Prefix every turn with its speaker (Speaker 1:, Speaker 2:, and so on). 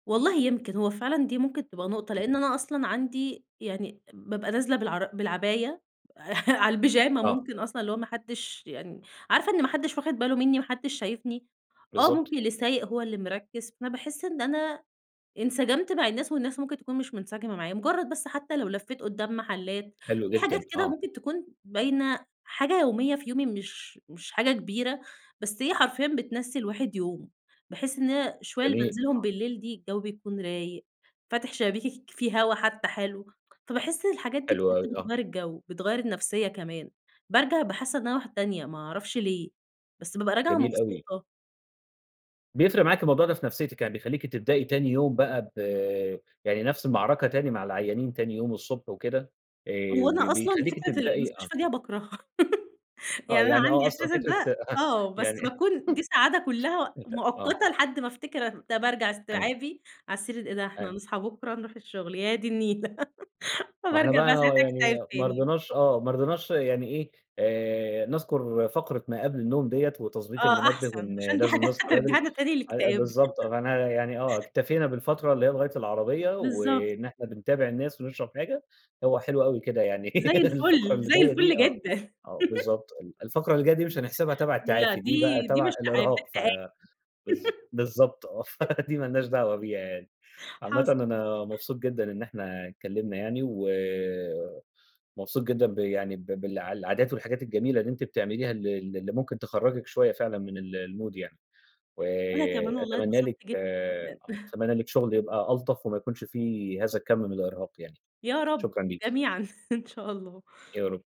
Speaker 1: والله يمكن، هو فعلًا دي ممكن تبقى نُقطة
Speaker 2: إمم.
Speaker 1: لأن أنا أصلًا عندي يعني بابقى نازلة بالعر بالعباية على البيجاما،
Speaker 2: آه.
Speaker 1: ممكن أصلًا اللي هو ما حدّش يعني عارفة إن ما حدّش واخِد باله منّي، ما حدّش شايفني، آه،
Speaker 2: بالضبط.
Speaker 1: ممكن اللي سايق هو اللي مركِّز، فباحس إن أنا انسجمت مع الناس والناس ممكن تكون مش منسجمة معايا، مُجرّد بس حتى لو لفّيت قُدّام محلّات،
Speaker 2: حلو
Speaker 1: في حاجات
Speaker 2: جدًا،
Speaker 1: كده
Speaker 2: آه.
Speaker 1: ممكن تكون باينة، حاجة يومية في يومي مش مش حاجة كبيرة، بس هي حرفيًا بتنسّي الواحد يومه، باحس إن أنا الشوية اللي
Speaker 2: جميل.
Speaker 1: بانزِلهم
Speaker 2: آه.
Speaker 1: بالليل دي الجو بيكون رايق، فاتح شبابيكِك، في هوا حتى حلو، فباحس الحاجات دي
Speaker 2: حلو أوي. آه.
Speaker 1: بتغيّر الجو، بتغيّر النفسية كمان، بارجع أبقى حاسة إن أنا واحدة تانية، ما أعرفش ليه! بس بابقى راجعة
Speaker 2: جميل أوي.
Speaker 1: مبسوطة.
Speaker 2: بيفرِق معاكِ الموضوع ده في نفسيتِك، يعني بيخلّيكِ تبدئي تاني يوم بقى ب يعني نفْس المعركة تاني مع العيانين تاني يوم الصبح وكده آآ،
Speaker 1: هو
Speaker 2: ب
Speaker 1: أنا أصلًا
Speaker 2: بيخلّيكِ
Speaker 1: فكرة
Speaker 2: تبدئي آه.
Speaker 1: المستشفى دي أنا باكرهها
Speaker 2: آه،
Speaker 1: يعني أنا
Speaker 2: يعني
Speaker 1: عندي
Speaker 2: آه، أصلًا
Speaker 1: إحساسك
Speaker 2: فكرة
Speaker 1: ده
Speaker 2: أها
Speaker 1: آه بس
Speaker 2: يعني
Speaker 1: باكون دي سعادة كلّها
Speaker 2: ميت آه.
Speaker 1: مؤقتة لحد ما افتكر طَب أرجَع
Speaker 2: أي
Speaker 1: إستيعابي على السرير، إيه ده إحنا
Speaker 2: أيو
Speaker 1: هنصحى بكرة نروح الشغل، يا دي النيلة
Speaker 2: ما إحنا
Speaker 1: فبارجع بقى
Speaker 2: بقى و
Speaker 1: ساعتها
Speaker 2: يعني
Speaker 1: أكتئب
Speaker 2: ما
Speaker 1: تاني.
Speaker 2: رضيناش آه، ما رضيناش يعني إيه، آآ نذكُر فقرة ما قبْل النوم دِيّة وتضبيط
Speaker 1: آه
Speaker 2: المنبه
Speaker 1: أحسن،
Speaker 2: وإن
Speaker 1: عشان دي
Speaker 2: لازم
Speaker 1: حاجة
Speaker 2: نصحى بدري،
Speaker 1: هترجّعنا تاني
Speaker 2: أي آآ
Speaker 1: للإكتئاب
Speaker 2: بالضبط آه، فأنا يعني آه، اكتفينا بالفترة اللي هي لغاية العربية
Speaker 1: بالضبط.
Speaker 2: وإن إحنا بنتابع الناس ونشرَب حاجة. هو حلو أوي كده يعني
Speaker 1: زي
Speaker 2: الفقرة
Speaker 1: الفل،
Speaker 2: اللي
Speaker 1: زي
Speaker 2: جاية دي
Speaker 1: الفل
Speaker 2: آه،
Speaker 1: جدًا
Speaker 2: آه، بالضبط ال الفقرة اللي جاية دي مش هنحسِبها تبع
Speaker 1: لا
Speaker 2: التعافي دي بقى
Speaker 1: دي دي
Speaker 2: تبع
Speaker 1: مش تعافي، ده
Speaker 2: الإرهاق ف
Speaker 1: تآ [unintelligible]
Speaker 2: بالض بالضبط آه ف دي ما لناش دعوة بيها يعني. عامةً
Speaker 1: حصَل.
Speaker 2: أنا مبسوط جدًا إن إحنا اتكلّمنا يعني و مبسوط جدًا ب يعني ب بالع العادات والحاجات الجميلة اللي أنتِ بتعمليها ال ال اللي ممكن تخرّجِك شوية فعلًا من ال المود يعني. و
Speaker 1: وأنا كمان والله
Speaker 2: أتمنى لِك
Speaker 1: اتبسطت جدًا، جدًا
Speaker 2: أتمنى لِك شغل يبقى ألطف وما يكونش في هذا الكم من الإرهاق يعني.
Speaker 1: يا رب
Speaker 2: شكرًا ليكِ.
Speaker 1: جميعًا إن شاء الله.
Speaker 2: يا رب.